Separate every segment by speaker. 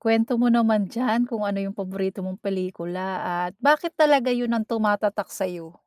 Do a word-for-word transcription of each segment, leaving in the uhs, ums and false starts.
Speaker 1: Kuwento mo naman diyan kung ano yung paborito mong pelikula, at bakit talaga yun ang tumatatak sa'yo?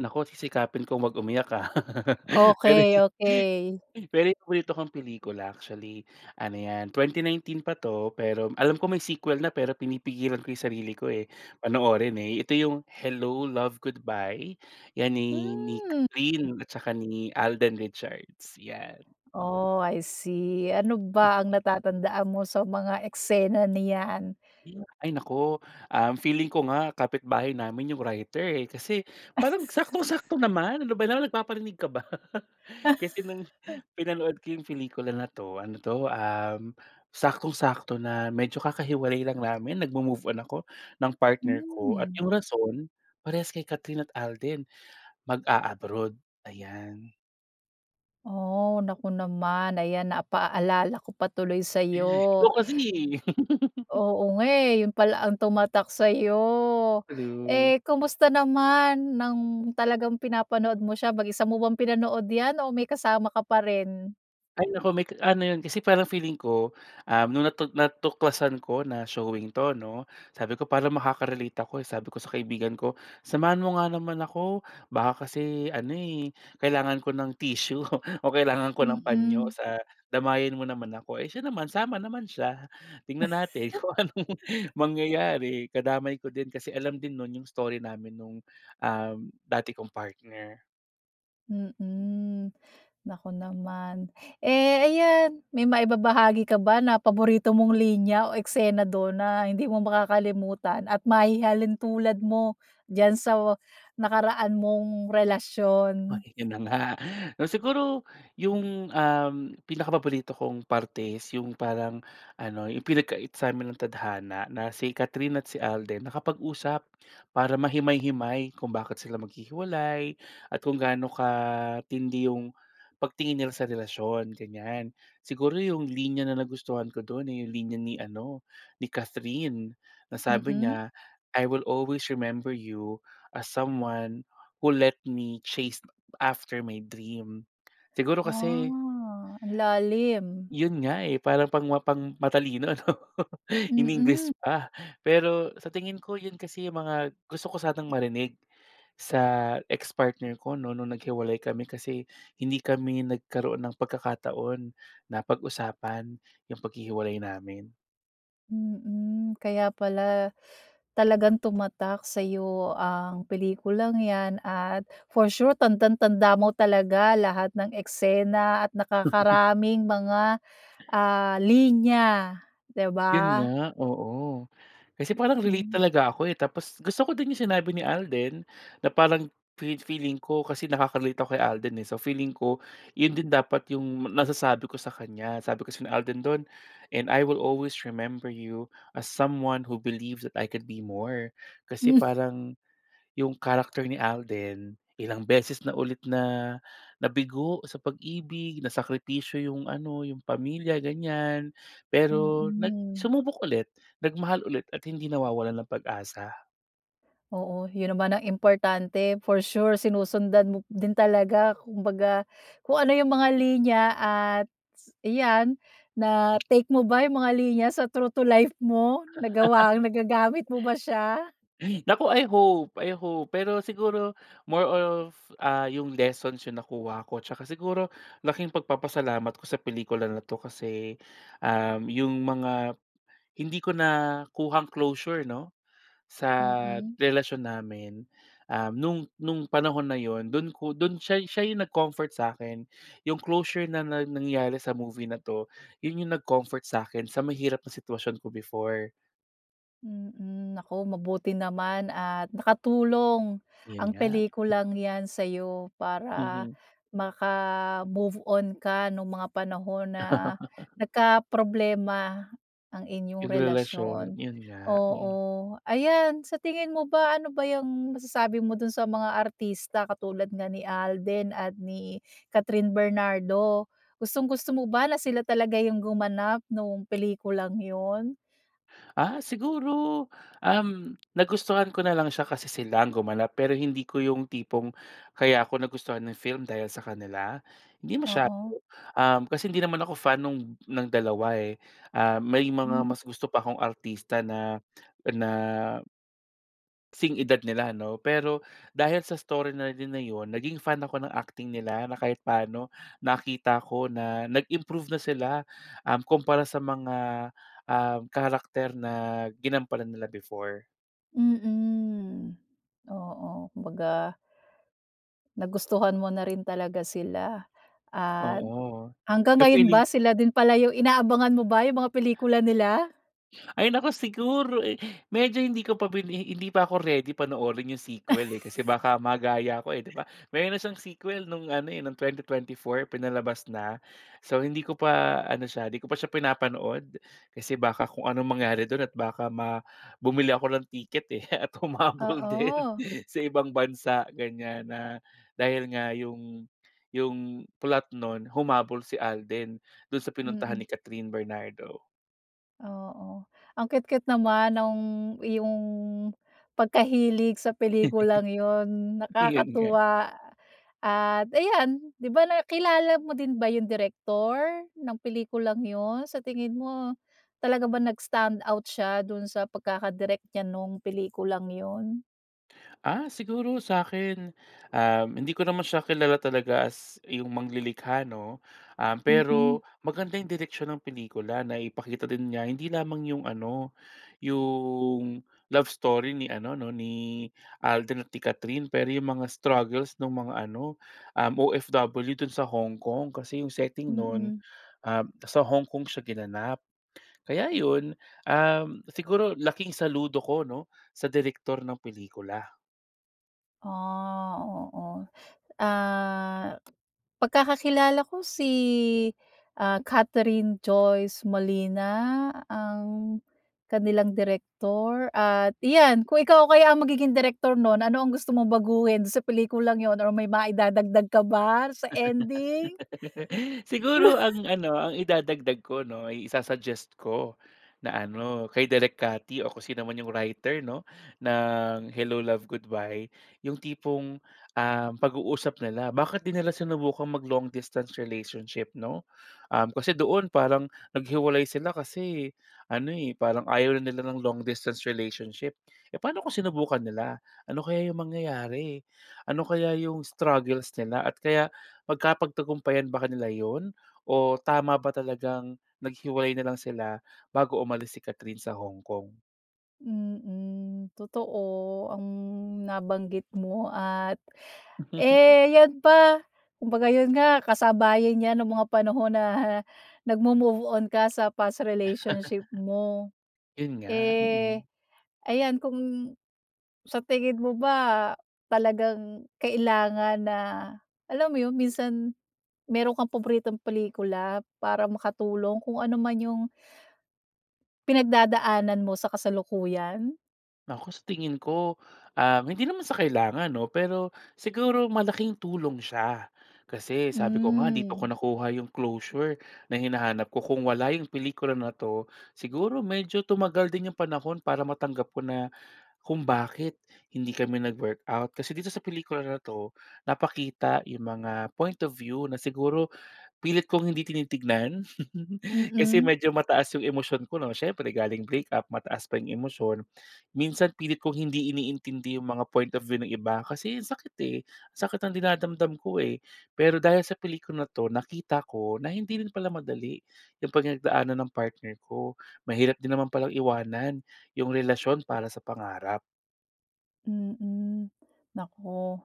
Speaker 2: Naku sisikapin kong huwag umiyak ah. Pero
Speaker 1: Okey okey.
Speaker 2: Pero yung paborito kong pelikula actually, ano yan, twenty nineteen pa to pero alam ko may sequel na pero pinipigilan ko yung sarili ko eh, panoorin eh, ito yung "Hello, Love, Goodbye", yan ni ni
Speaker 1: Hmm.
Speaker 2: Kathryn at tsaka ni Alden Richards, 'yan.
Speaker 1: Oh I see. Ano ba
Speaker 2: Hmm.
Speaker 1: ang natatandaan mo sa mga eksena na 'yan?
Speaker 2: Hmm. Ay naku, um, feeling ko nga kapitbahay namin yung writer eh, kasi parang saktong-sakto naman. Ano ba naman, nagpaparinig ka ba? Kasi nung pinanood ko yung pelikula na 'to, ano 'to, uhm saktong-sakto na medyo kakahiwalay lang namin, nag-mo-move on ako ng partner ko, at
Speaker 1: Hmm.
Speaker 2: yung rason parehas kay Kathryn at Alden, mag-a-abroad. Ayan.
Speaker 1: Oh naku naman. Ayan, na a paalala ko pa tuloy sa'yo.
Speaker 2: Ikaw kasi eh.
Speaker 1: Oo nga eh, yun pala ang tumatak sa'yo.
Speaker 2: True.
Speaker 1: Eh kumusta naman nang talagang pinapanood mo siya, mag-isa mo bang pinanood 'yan, o may kasama ka pa rin?
Speaker 2: Ay naku may ka ano 'yon kasi parang feeling ko, um nung natu-natuklasan ko na showing to 'no, sabi ko parang makaka-relate ako eh sabi ko sa kaibigan ko samahan mo nga naman ako baka kasi ano eh, kailangan ko ng tissue o kailangan ko ng panyo
Speaker 1: Mm.
Speaker 2: sa damayan mo naman ako eh siya naman, sama naman siya. Tingnan natin kung anong mangyayari. Kadamay ko din kasi alam din no'n 'yong story namin nung um dati kong partner.
Speaker 1: Mm. Naku naman. Eh ayan, may maibabahagi ka ba na paborito mong linya o eksena dun na hindi mo makakalimutan at mahihalintulad mo diyan sa wa-nakaraan mong
Speaker 2: Oh
Speaker 1: relasyon?
Speaker 2: di yun na nga. Siguro yung um pinakapaborito kong parte is yung parang ano yung pinag-kait sa'min ng tadhana na si Kathryn at si Alden nakapag-usap, para mahimay-himay kung bakit sila maghihiwalay at kung gaano katindi yung pagtingin nila sa relasyon, ganyan. Siguro yung linya na nagustuhan ko dun eh yung linya ni ano, ni Kathryn na sabi
Speaker 1: Mm.
Speaker 2: niya, "I will always remember you as someone who let me chased after my dream." Siguro kasi
Speaker 1: Ah, ang lalim.
Speaker 2: Yun nga eh parang pangma pang-matalino ano
Speaker 1: Mm.
Speaker 2: iningles pa. Pero sa tingin ko yun kasi mga gusto ko sanang marinig sa ex-partner ko 'no, nung nag-hiwalay kami kasi hindi kami nagkaroon ng pagkakataon na pag-usapan yung paghihiwalay namin.
Speaker 1: Mhm, kaya pala talagang tumatak sa'yo ang pelikulang 'yan at for sure tandang-tanda mo talaga lahat ng eksena at nakakaraming mga ah linya, 'di
Speaker 2: Iyon
Speaker 1: ba.
Speaker 2: nga, oo. Kasi parang relate
Speaker 1: Mhm.
Speaker 2: talaga ako eh, tapos gusto ko din 'yong sinabi ni Alden na parang fe-feeling ko kasi nakaka-relate ako kay Alden, eh. So feeling ko, 'yon din dapat 'yong nasasabi ko sa kanya. Sabi kasi ni Alden do'n, "And I will always remember you as someone who believes that I can be more" kasi
Speaker 1: Hmm.
Speaker 2: parang 'yung character ni Alden ilang beses na ulit na-nabigo sa pag-ibig, na sakripisyo 'yong ano 'yong pamilya ganyan, pero nag
Speaker 1: Mhm.
Speaker 2: sumubok ulit, nagmahal ulit at hindi nawawalan ng pag-asa.
Speaker 1: Oo, 'yon naman ang importante for sure sinusundan mo din talaga kumbaga kung ano yung mga linya at iyan na-take mo ba yung mga linya sa true to life mo? Nagawa, nagagamit mo ba siya?
Speaker 2: Naku, I hope-I hope pero siguro more of ah, yung lessons 'yong nakuha ko 'tsaka siguro laking pagpapasalamat ko sa pelikula na 'to kasi ah, 'yong mga hindi ko nakuhang closure 'no, sa
Speaker 1: Mhm.
Speaker 2: relasyon namin uhm, no'ng, no'ng panahon na 'yon do'n ko do'n siya, siya 'yong nag-comfort sa'kin 'yong closure na-nangyari sa movie na 'to, 'yon yung nag-comfort sa'kin sa mahirap na sitwasyon ko before.
Speaker 1: Mhm, naku mabuti naman at nakatulong
Speaker 2: 'Yon
Speaker 1: ang
Speaker 2: nga.
Speaker 1: pelikulang 'yan sa'yo para
Speaker 2: Mhm.
Speaker 1: maka-move on ka no'ng mga panahon na nagkaproblema ang inyong
Speaker 2: Yung relasyon,
Speaker 1: relasyon.
Speaker 2: 'yon nga.
Speaker 1: Oo, ayan, sa tingin mo ba, ano ba yung masasabi mo do'n sa mga artista katulad nga ni Alden at ni Kathryn Bernardo, gustong-gusto mo ba na sila talaga yung gumanap nung pelikulang yun?
Speaker 2: Ah siguro, uhm, nagustuhan ko na lang siya kasi silang gumanap pero hindi ko yung tipong kaya ko nagustuhan 'yong film dahil sa kanila. 'Di masyado,
Speaker 1: Oo.
Speaker 2: uhm, kasi hindi naman ako fan nung ng dalawa eh. Ah may mga
Speaker 1: Mhm.
Speaker 2: mas gusto pa akong artista na na, 'sing edad nila ano. Pero dahil sa story na din na yun naging fan ako ng acting nila na kahit paano nakita ko na nag-improve na sila uhm kumpara sa mga ah karakter na ginampanan nila before.
Speaker 1: Mhm. Oo. Kumbaga nagustuhan mo na rin talaga sila at
Speaker 2: Oo.
Speaker 1: hanggang
Speaker 2: Eh,
Speaker 1: ngayon
Speaker 2: feeling
Speaker 1: ba sila din pala yung inaabangan mo ba yung mga pelikula nila?
Speaker 2: Ay naku siguro eh, medyo hindi ko pa bini hindi pa ako ready panoorin yung sequel eh, kasi baka magaya ko eh di ba. Meron siyang sequel no'ng ano eh, no'ng twenty twenty-four pinalabas na. So, hindi ko pa ano siya, hindi ko pa siya pinapanood kasi baka kung anong mangyari do'n at baka ma bumili ako ng ticket eh at humabol din
Speaker 1: Oo.
Speaker 2: sa ibang bansa, ganyan na dahil nga yung yung plot nun humabol si Alden do'n sa pinuntahan ni
Speaker 1: Mhm
Speaker 2: Kathryn Bernardo.
Speaker 1: Oo. Ang cute-cute naman nung iyong pagkahilig sa pelikulang 'yon.
Speaker 2: Yun nga.
Speaker 1: Nakakatuwa, at ayan! di ba. Nakilala mo din ba yung direktor ng pelikulang 'yon? Sa tingin mo, talaga ba nag-stand out siya do'n sa pagkakadirek niya nung pelikulang 'yon?
Speaker 2: Ah, siguro sa'kin, um, hindi ko naman siya kilala talaga as yung manglilikha 'no? Um,
Speaker 1: Mhm.
Speaker 2: pero maganda yung direksyon ng pelikula, naipakita din niya hindi lamang yung ano yung love story ni ano 'no, ni Alden at ni Kathryn, pero yung mga struggles nung mga ano, um, OFW dun sa Hong Kong, kasi yung setting 'non,
Speaker 1: Mhm.
Speaker 2: um, sa Hong Kong siya ginanap. Kaya yun, um, siguro laking saludo ko 'no, sa direktor ng pelikula.
Speaker 1: Ah, oo. Ah, pagkakakilala ko si, ah, Catherine Joyce Molina ang kanilang direktor at iyan, kung ikaw kaya ang magiging direktor 'non, ano ang gusto mong baguhin sa pelikulang yun or may maidadagdag ka ba sa ending?
Speaker 2: Siguro ang ano, ang idadagdag ko 'no, ay isa-suggest ko na ano, kay Direk Cathy o kung sinuman yung writer 'no ng Hello Love, Goodbye yung tipong, um, pag-uusap nila. Bakit 'di nila sinubukang mag long-distance relationship 'no? Um, kasi doon parang naghiwalay sila kasi ano, eh, parang ayaw na nila ng long-distance relationship. Eh, paano kung sinubukan nila? Ano kaya yung mangyayari? Ano kaya yung struggles nila at kaya magkapagtagumpayan ba ka nila iyon? O tama ba talagang naghiwalay na lang sila bago umalis si Kathryn sa Hong Kong?
Speaker 1: Mm, totoo ang nabanggit mo at eh 'yan pa. Kumbaga, 'yon nga, kasabayan 'yan ng mga panahon na nag-mo-move on ka sa past relationship mo.
Speaker 2: 'Yon nga,
Speaker 1: Eh,
Speaker 2: mm.
Speaker 1: ayan, kung sa tingin mo ba talagang kailangan na alam mo 'yon, minsan mayro'n kang paboritong pelikula para makatulong kung ano man 'yong, pinagdadaanan mo sa kasalukuyan?
Speaker 2: Naku, sa tingin ko, um, hindi naman sa kailangan 'no. Pero, siguro malaking tulong siya. Kasi sabi ko nga, dito ko
Speaker 1: Hmm.
Speaker 2: nakuha 'yong closure na hinahanap ko. Kung wala 'yong pelikula na 'to, siguro medyo tumagal din yong panahon para matanggap ko na, kung bakit hindi kami nag-workout. Kasi dito sa pelikula na 'to, napakita yung mga point of view na siguro, pilit kong hindi tinitignan. Kasi
Speaker 1: Mm.
Speaker 2: medyo mataas 'yong emosyon ko 'no, siyempre galing breakup, mataas pa 'yong emosyon. Minsan, pilit kong hindi iniintindi 'yong mga point of view ng iba kasi ang sakit eh, sakit ng dinadamdam ko eh. Pero dahil sa pelikula na to, nakita ko na hindi rin pala madali, 'yong pinagdaanan ng partner ko. Mahirap din naman palang iwanan 'yong relasyon para sa pangarap.
Speaker 1: Mhm. Naku,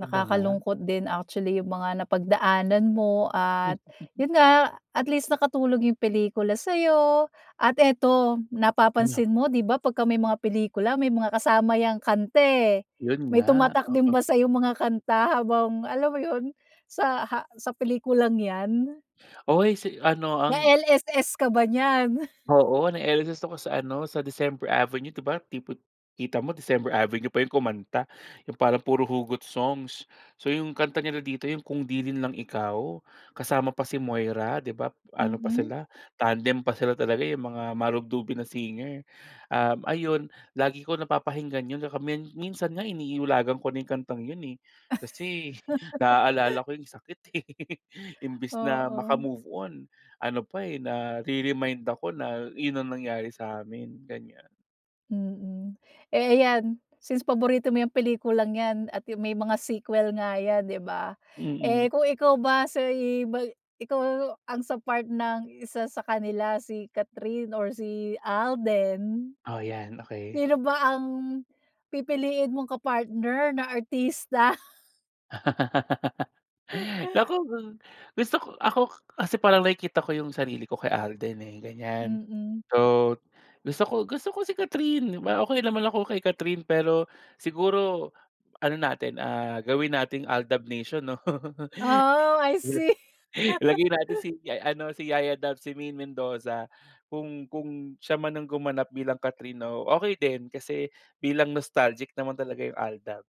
Speaker 2: Iba nga.
Speaker 1: din actually yung mga napagdaanan mo at yun nga at least nakatulong yung pelikula sa'yo, at eto,
Speaker 2: Ano?
Speaker 1: napapansin mo 'di ba pagka may mga pelikula may mga kasama 'yang kanta eh.
Speaker 2: Yun
Speaker 1: May
Speaker 2: nga,
Speaker 1: tumatak din
Speaker 2: oo.
Speaker 1: ba sa yung mga kanta habang alam mo 'yon, sa ha sa pelikulang 'yan?
Speaker 2: Uy, si ano ang
Speaker 1: Na-LSS ka ba nyan?
Speaker 2: Oo na-LSSe ako sa ano, sa December Avenue 'di ba tipo kita mo December Avenue pa 'yong kumanta 'yong parang puro hugot songs. So 'yong kanta nila dito 'yong "Kung 'Di rin Lang Ikaw", kasama pa si Moira 'di ba, ano pa
Speaker 1: Mhm.
Speaker 2: sila, tandem pa sila talaga 'yong mga marubdubin na singer. Uhm ayun lagi ko napapakinggan 'yon saka min minsan nga iniulagan ko na 'yong kantang 'yon eh, kasi naalala ko 'yong sakit eh imbes na
Speaker 1: Oo.
Speaker 2: makamove-on ano pa eh nare-remind ako na 'yon ang nangyari sa amin, ganyan.
Speaker 1: Mhm, eh ayan. Since paborito mo 'yang pelikulang yan at may mga sequel nga yan 'di ba? Eh
Speaker 2: Mhm.
Speaker 1: kung ikaw ba sa iba ikaw ang sa part ng isa sa kanila si Kathryn or si Alden?
Speaker 2: Oh 'yan, okey.
Speaker 1: Sino ba ang pipiliin mong ka-partner na artista?
Speaker 2: Naku, gusto ko ako kasi parang nakikita ko yung sarili ko kay Alden eh, ganyan.
Speaker 1: Mm.
Speaker 2: So, gusto ko gusto ko si Kathryn di ba? Okey naman ako kay Kathryn pero siguro, ano natin ah gawin nating AlDub nation 'no?
Speaker 1: Oo, I see!
Speaker 2: Ilagay natin si ano, si Yaya Dub, si Maine Mendoza. Kung kung siya man ang gumanap bilang Kathryn oh, okey din kasi bilang nostalgic naman talaga yung AlDub.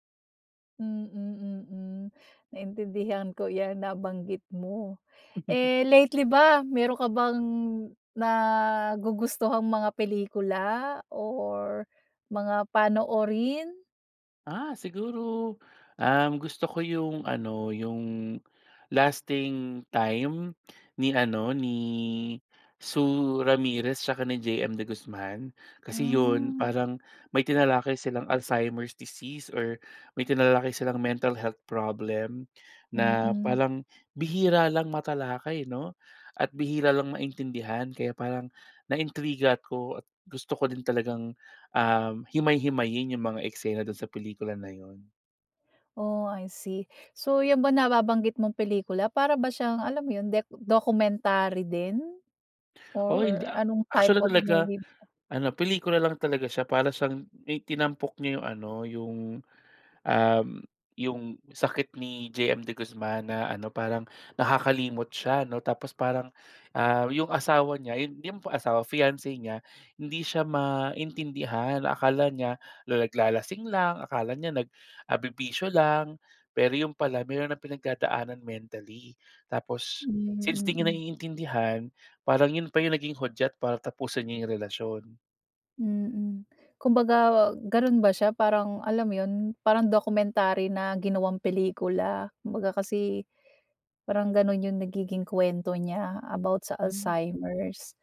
Speaker 1: Mm-mm, naintindihan ko 'yan nabanggit mo. Eh, lately ba meron ka bang nagugustuhang mga pelikula or mga panoorin?
Speaker 2: Ah siguro, ang gusto ko yung ano, yung "Lasting Time" ni ano, ni Sue Ramirez tsaka ni JM De Guzman. Kasi 'yon
Speaker 1: Hmm.
Speaker 2: parang may tinalakay silang Alzheimer's disease or may tinalakay silang mental health problem na
Speaker 1: Mm.
Speaker 2: parang bihira lang matalakay 'no, at bihira lang maintindihan kaya parang naintriga 'ko at gusto ko din talagang, um, himay-himayin yung mga eksena do'n sa pelikula na 'yon.
Speaker 1: Oh, I see! So yan ba nababanggit mong pelikula para ba siyang alam mo yun, dec documentary din?
Speaker 2: Oo hindi.
Speaker 1: Or
Speaker 2: A
Speaker 1: anong type
Speaker 2: actually
Speaker 1: of
Speaker 2: talaga
Speaker 1: movie ba
Speaker 2: ano, pelikula lang talaga siya, para siyang may tinampok niya yung ano, yung um, yung sakit ni JM De Guzman na ano parang nakakalimot siya 'no, tapos parang ah, yung asawa niya, yun yung pong asawa, fiance niya, hindi siya maintindihan. Akala niya na naglalasing lang, akala niya nag ah, bibisyo lang, pero yun pala meron ng pinagdadaanan mentally. Tapos, since
Speaker 1: Hmm,
Speaker 2: di niya
Speaker 1: mm.
Speaker 2: naiintindihan, parang yun pa yung naging hudyat para tapusin niya yung relasyon.
Speaker 1: Mm. Kumbaga ganun ba siya parang, alam mo yun, parang documentary na ginawang pelikula? Kumbaga kasi, parang ganun yung nagiging kuwento niya about sa
Speaker 2: Hmm.
Speaker 1: Alzheimer's.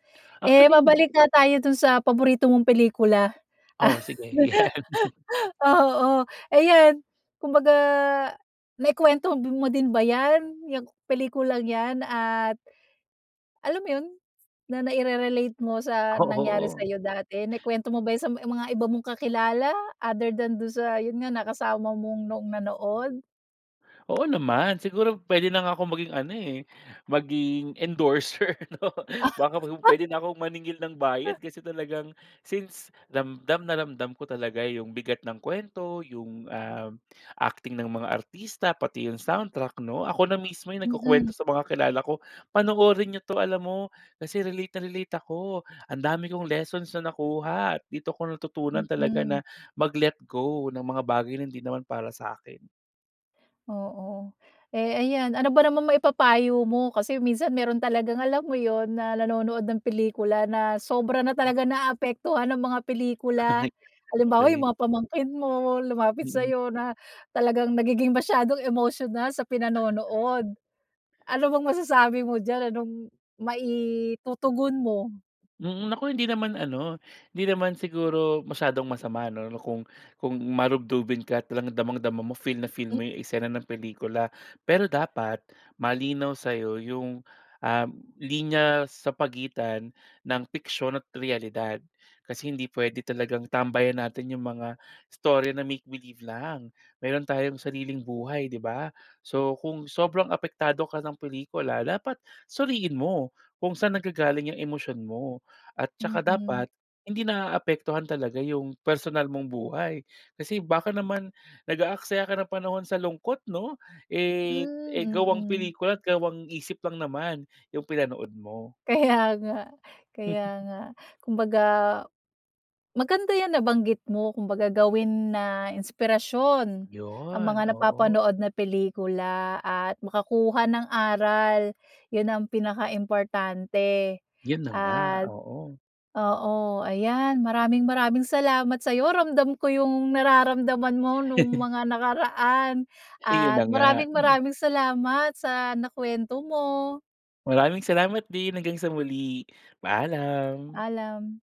Speaker 1: Eh
Speaker 2: Actually hin
Speaker 1: mabalik nga tayo dun sa paborito mong pelikula, ah,
Speaker 2: Oh sige, yan.
Speaker 1: oo. Eh 'yan, kumbaga naikuwento m mo din ba yan, yang pelikulang yan at alam mo yun, na naire-relate mo sa nangyari
Speaker 2: Oo.
Speaker 1: sa'yo dati. Naikuwento mo ba yun sa ma mga iba mong kakilala, other than dun sa yun nga nakasama mong noong nanood?
Speaker 2: Oo naman, siguro, puwede na nga akong maging ano eh, maging, endorser 'no, baka pu pwede na akong maningil ng bayad,
Speaker 1: [unintelligible]
Speaker 2: kasi talagang since, ramdam na ramdam ko talaga 'yong bigat ng kwento, 'yong, um, acting ng mga artista, pati 'yong soundtrack, 'no. Ako na mismo 'yong
Speaker 1: Mm.
Speaker 2: nagkukuwento sa mga kilala ko, "Panoorin niyo 'to." Alam mo, kasi relate na relate ako. Ang dami kong lessons na nakuha. Dito ko natutunan talaga
Speaker 1: Mm.
Speaker 2: na mag-let go ng mga bagay na hindi naman para sa'kin.
Speaker 1: Oo. Eh ayan, ano ba namang maipapayo mo? Kasi minsan, mayro'n talagang alam mo 'yon, na nanonood ng pelikula na sobra na talaga naaapektuhan ng mga
Speaker 2: Ay,
Speaker 1: pelikula. Halimbawa,
Speaker 2: okey.
Speaker 1: 'yong mga pamangkin mo, lumapit
Speaker 2: Mm.
Speaker 1: sa'yo, na talagang nagiging masyadong emosyonal sa pinanonood. Ano bang masasabi mo diyan, anong maitutugon mo?
Speaker 2: Mm. Naku, hindi naman ano hindi naman siguro masyadong masama 'no, kung kung marubdubin ka at talagang damang-dama mo, feel na feel
Speaker 1: [unintelligible]
Speaker 2: mo 'yong eksena ng pelikula. Pero dapat, malinaw sa'yo 'yong, um, linya sa pagitan ng piksiyon at realidad. Kasi hindi puwede talagang tambayan natin 'yong mga istorya na 'make believe' lang. Mayro'n tayong sariling buhay, 'di ba. So, kung sobrang apektado ka ng pelikula, dapat suriin mo kung saan naggagaling 'yong emosyon mo. At saka
Speaker 1: Mm.
Speaker 2: dapat, hindi naaapektuhan talaga 'yong personal mong buhay. Kasi, baka naman nag-aaksaya ka ng panahon sa lungkot 'no, eh eh
Speaker 1: Hmm,
Speaker 2: gawang
Speaker 1: mm.
Speaker 2: pelikula at gawang-isip lang naman 'yong pinanood mo.
Speaker 1: Kaya nga kaya nga. Kumbaga, maganda 'yang nabanggit mo. Kumbaga, gawin na inspirasyon, ang
Speaker 2: 'Yon,
Speaker 1: mga
Speaker 2: oo.
Speaker 1: napapanood na pelikula at makakuha ng aral. 'Yon ang pinaka-importante.
Speaker 2: 'Yon na nga,
Speaker 1: At
Speaker 2: oo.
Speaker 1: oo, ayan, maraming-maraming salamat sa'yo, ramdam ko 'yong nararamdaman mo no'ng mga nakaraan
Speaker 2: 'Yon na
Speaker 1: at
Speaker 2: nga, hmm.
Speaker 1: maraming-maraming salamat sa nakuwento mo.
Speaker 2: Maraming salamat din. Hanggang sa muli, paalam.
Speaker 1: Paalam.